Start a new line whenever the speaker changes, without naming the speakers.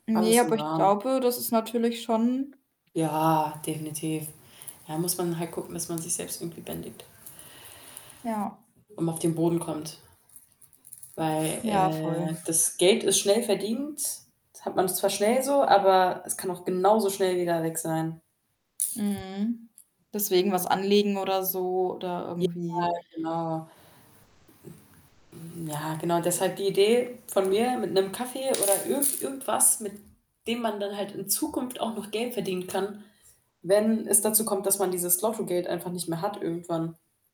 Ne,
Alles im
aber ich
Rahmen.
glaube, das ist natürlich schon
Ja, definitiv. Ja, muss man halt gucken, dass man sich selbst irgendwie bändigt.
Ja.
Und auf den Boden kommt. Weil,
Ja,
äh,
voll.
das Geld ist schnell verdient. Hat man zwar schnell so, aber es kann auch genauso schnell wieder weg sein.
Mhm. Deswegen was anlegen oder so oder
Ja,
irgendwie
genau. Hm, ja, genau. Deshalb die Idee von mir, mit 'nem Kaffee oder irgend irgendwas, mit dem man dann halt in Zukunft auch noch Geld verdienen kann, wenn es dazu kommt, dass man dieses Lotto-Geld einfach nicht mehr hat irgendwann.